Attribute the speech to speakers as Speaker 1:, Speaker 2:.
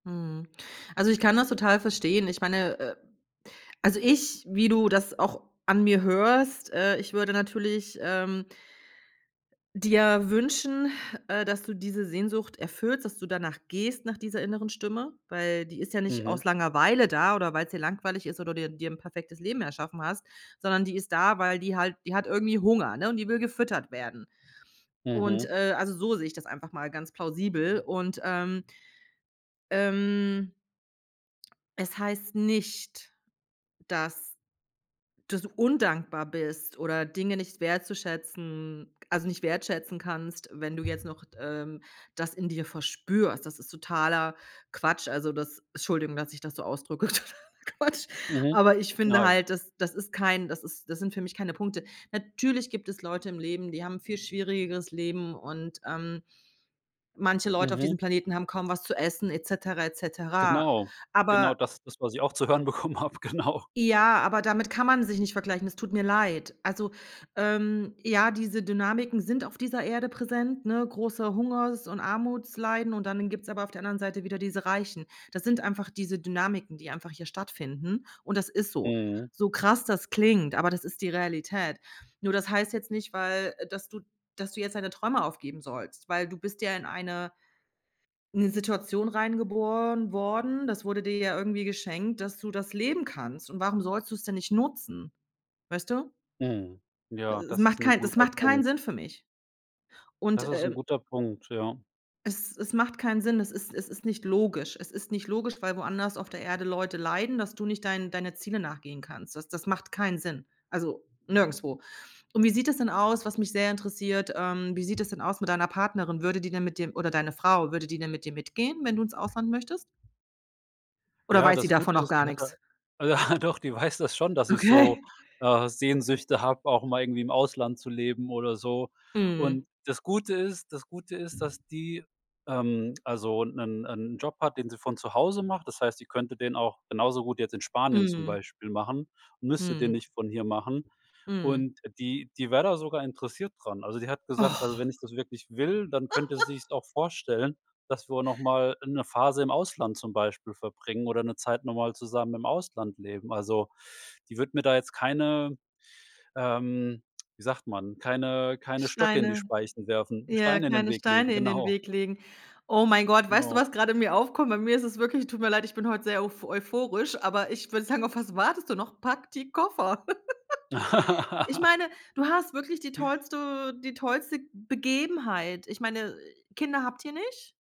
Speaker 1: Mhm. Also, ich kann das total verstehen. Ich meine, äh, also ich, wie du das auch an mir hörst, äh, ich würde natürlich, ähm dir wünschen, äh, dass du diese Sehnsucht erfüllst, dass du danach gehst, nach dieser inneren Stimme, Weil die ist ja nicht
Speaker 2: Mhm.
Speaker 1: aus Langeweile da oder weil's dir langweilig ist oder dir dir 'n perfektes Leben erschaffen hast, sondern die ist da, weil die halt die hat irgendwie Hunger, ne? Und die will gefüttert werden. Und,
Speaker 2: Mhm.
Speaker 1: äh, also so sehe ich das einfach mal ganz plausibel. Und, ähm Ähm es heißt nicht, dass dass du undankbar bist oder Dinge nicht wertzuschätzen also nicht wertschätzen kannst, wenn du jetzt noch d ähm, das in dir verspürst. Das ist totaler Quatsch. Also das Entschuldigung, dass ich das so ausdrücke: „totaler Quatsch“.
Speaker 2: Mhm.
Speaker 1: Aber ich finde
Speaker 2: Genau.
Speaker 1: halt, das das ist kein das ist das sind für mich keine Punkte. Natürlich gibt es Leute im Leben, die haben 'n viel schwierigeres Leben und, ähm, manche Leute auf diesem
Speaker 2: Mhm.
Speaker 1: Planeten haben kaum was zu essen et cetera, et cetera.
Speaker 2: Genau, genau
Speaker 1: Aber
Speaker 2: das das, was ich auch zu hören bekommen habe, genau.
Speaker 1: Ja, aber damit kann man sich nicht vergleichen. Es tut mir leid. Also, ähm, ja, diese Dynamiken sind auf dieser Erde präsent, ne, große Hungers und Armutsleiden, und dann gibt's aber auf der anderen Seite wieder diese Reichen. Das sind einfach diese Dynamiken, die einfach hier stattfinden, und das ist so.
Speaker 2: Mhm.
Speaker 1: So krass das klingt, aber das ist die Realität. Nur das heißt jetzt nicht, weil äh, dass du dass du jetzt deine Träume aufgeben sollst, weil du bist ja in eine in 'ne Situation reingeboren worden, das wurde dir ja irgendwie geschenkt, dass du das leben kannst. Und warum sollst du es denn nicht nutzen? Weißt du?
Speaker 2: Mhm. Ja,
Speaker 1: Es
Speaker 2: das ist
Speaker 1: macht
Speaker 2: 'n
Speaker 1: kein es
Speaker 2: guter
Speaker 1: macht keinen
Speaker 2: Punkt.
Speaker 1: Sinn für mich.
Speaker 2: Das
Speaker 1: Und,
Speaker 2: ist 'n
Speaker 1: ähm
Speaker 2: guter Punkt, ja.
Speaker 1: es es macht keinen Sinn, es ist es ist nicht logisch. Es ist nicht logisch, weil woanders auf der Erde Leute leiden, dass du nicht deinen deine Zielen nachgehen kannst. Das das macht keinen Sinn. Also nirgendswo. Und wie sieht das denn aus, was mich sehr interessiert, ähm, wie sieht das denn aus mit deiner Partnerin? Würde die denn mit dir oder deine Frau, würde die denn mit dir mitgehen, wenn du ins Ausland möchtest? Oder
Speaker 2: Ja,
Speaker 1: weiß sie
Speaker 2: das
Speaker 1: davon
Speaker 2: Gute
Speaker 1: noch
Speaker 2: ist,
Speaker 1: gar
Speaker 2: die hat da
Speaker 1: nix?
Speaker 2: ah, doch, die weiß das schon, dass ich so,
Speaker 1: Okay.
Speaker 2: äh, Sehnsüchte habe, auch mal irgendwie im Ausland zu leben oder so.
Speaker 1: Mhm.
Speaker 2: Und das Gute ist das Gute ist, dass die, ähm, also 'nen 'en Job hat, den sie von zu Hause macht. Das heißt, die könnte den auch genauso gut jetzt in Spanien zum
Speaker 1: Mhm.
Speaker 2: Beispiel machen und müsste den
Speaker 1: Mhm.
Speaker 2: nicht von hier machen.
Speaker 1: Mhm.
Speaker 2: Und, äh, die die wär da sogar interessiert dran. Also die hat gesagt, also
Speaker 1: Och.
Speaker 2: wenn ich das wirklich will, dann könnte sie sich's auch vorstellen, dass wir noch mal 'ne Phase im Ausland zum Beispiel verbringen oder 'ne Zeit noch mal zusammen im Ausland leben. Also, die wird mir da jetzt keine ähm, wie sagt man, keine keine Stöcke in die
Speaker 1: Steine,
Speaker 2: Speichen werfen
Speaker 1: ja,
Speaker 2: Steine in den
Speaker 1: keine
Speaker 2: Weg legen,
Speaker 1: Steine in den
Speaker 2: genau.
Speaker 1: Weg legen. Oh mein Gott, weißt du,
Speaker 2: Genau.
Speaker 1: was gerade in mir aufkommt? Bei mir ist es wirklich tut mir leid, bin heute sehr uph euphorisch, aber ich würde sagen: „Auf was wartest du noch? Pack die Koffer.“ Ich meine, du hast wirklich die tollste die tollste Begebenheit. Ich meine, Kinder habt ihr nicht?